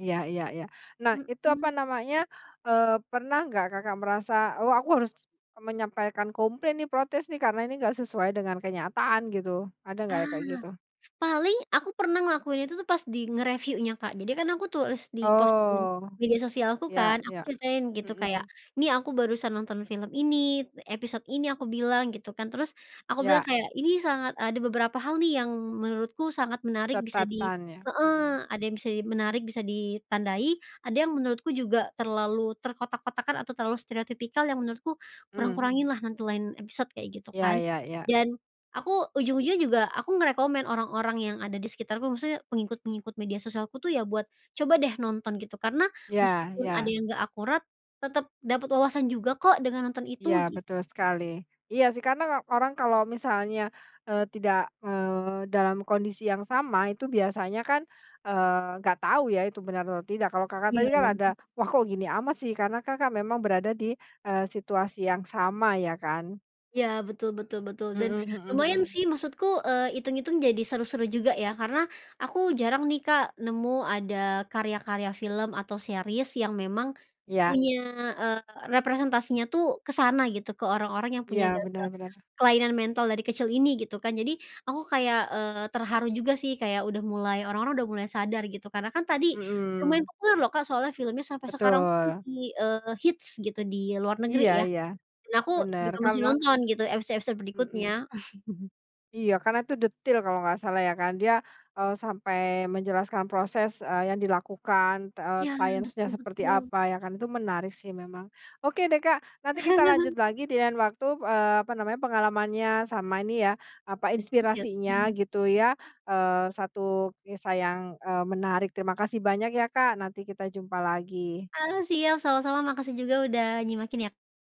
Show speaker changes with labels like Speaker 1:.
Speaker 1: Iya iya iya. Nah itu apa
Speaker 2: Mhm.
Speaker 1: namanya, eee, pernah nggak Kakak merasa, "Oh, aku harus menyampaikan komplain nih, protes nih, karena ini enggak sesuai dengan kenyataan gitu." Ada enggak
Speaker 2: Ah,
Speaker 1: kayak gitu?
Speaker 2: paling aku pernah ngelakuin itu tuh pas di nge-reviewnya Kak, jadi kan aku tulis di post di
Speaker 1: Oh.
Speaker 2: media sosialku
Speaker 1: Ya
Speaker 2: kan, aku
Speaker 1: ya,
Speaker 2: ceritain gitu kayak,
Speaker 1: mmm.
Speaker 2: "Ini aku barusan nonton film ini, episode ini," aku bilang gitu kan, terus aku bilang
Speaker 1: Ya.
Speaker 2: kayak, "Ini sangat ada beberapa hal nih yang menurutku sangat menarik bisa di
Speaker 1: Catatan ya? Mhm.
Speaker 2: heeh, ada yang bisa menarik, bisa ditandai, ada yang menurutku juga terlalu terkotak-kotakkan atau terlalu stereotipikal yang menurutku
Speaker 1: Mmm.
Speaker 2: kurang-kurangin lah nanti lain episode kayak gitu
Speaker 1: Ya
Speaker 2: kan."
Speaker 1: ya ya.
Speaker 2: Dan aku ujung-ujungnya juga aku nge-recommend orang-orang yang ada di sekitarku, maksudnya pengikut-pengikut media sosialku tuh ya buat, "Coba deh nonton!" Gitu, karena
Speaker 1: Ya
Speaker 2: meskipun ada
Speaker 1: ya.
Speaker 2: yang gak akurat, tetep dapet wawasan juga kok dengan nonton itu
Speaker 1: Ya
Speaker 2: gitu.
Speaker 1: betul sekali. Iya sih karena orang kalau misalnya, eee, tidak, eee, dalam kondisi yang sama itu biasanya kan, eee, nggak tahu ya itu benar atau tidak, kalau Kakak tadi
Speaker 2: Iya
Speaker 1: kan ada,
Speaker 2: loh.
Speaker 1: "Wah, kok gini amat sih?" Karena Kakak memang berada di, eee, situasi yang sama ya kan?
Speaker 2: Ya, betul betul betul, dan
Speaker 1: Mhm mhm
Speaker 2: lumayan
Speaker 1: mhm.
Speaker 2: sih maksudku, eee, itung-itung jadi seru-seru juga ya, karena aku jarang nih Kak nemu ada karya-karya film atau series yang memang
Speaker 1: Iya.
Speaker 2: punya, eee, representasinya tuh ke sana gitu ke orang-orang yang
Speaker 1: Iya,
Speaker 2: punya gangguan
Speaker 1: bener-bener.
Speaker 2: kelainan mental dari kecil ini gitu kan, jadi aku kayak, eee, terharu juga sih kayak udah mulai orang-orang udah mulai sadar gitu, karena kan tadi lumayan
Speaker 1: Mhm.
Speaker 2: populer loh kan soalnya filmnya sampai sekarang tuh
Speaker 1: Betul.
Speaker 2: masih, eee, hits gitu di luar negeri
Speaker 1: Iya
Speaker 2: ya,
Speaker 1: iya,
Speaker 2: dan aku
Speaker 1: bener,
Speaker 2: juga masih
Speaker 1: karena
Speaker 2: nonton gitu episode-episode
Speaker 1: Mhm.
Speaker 2: berikutnya.
Speaker 1: Iya, karena itu detil kalau nggak salah ya kan, dia, eee, sampai menjelaskan proses, eee, yang dilakukan, eee,
Speaker 2: Ya,
Speaker 1: sainsnya
Speaker 2: betul
Speaker 1: seperti
Speaker 2: betul.
Speaker 1: apa ya kan, itu menarik sih memang. Oke deh Kak, nanti kita lanjut lagi dengan waktu, eee, apa namanya, pengalamannya sama ini ya apa,
Speaker 2: Iya
Speaker 1: inspirasinya
Speaker 2: sih, ya.
Speaker 1: gitu ya, eee, 1 kisah yang, eee, menarik terima kasih banyak ya Kak nanti kita jumpa lagi.
Speaker 2: Ah, siap, sama-sama, makasih juga udah nyimakin yak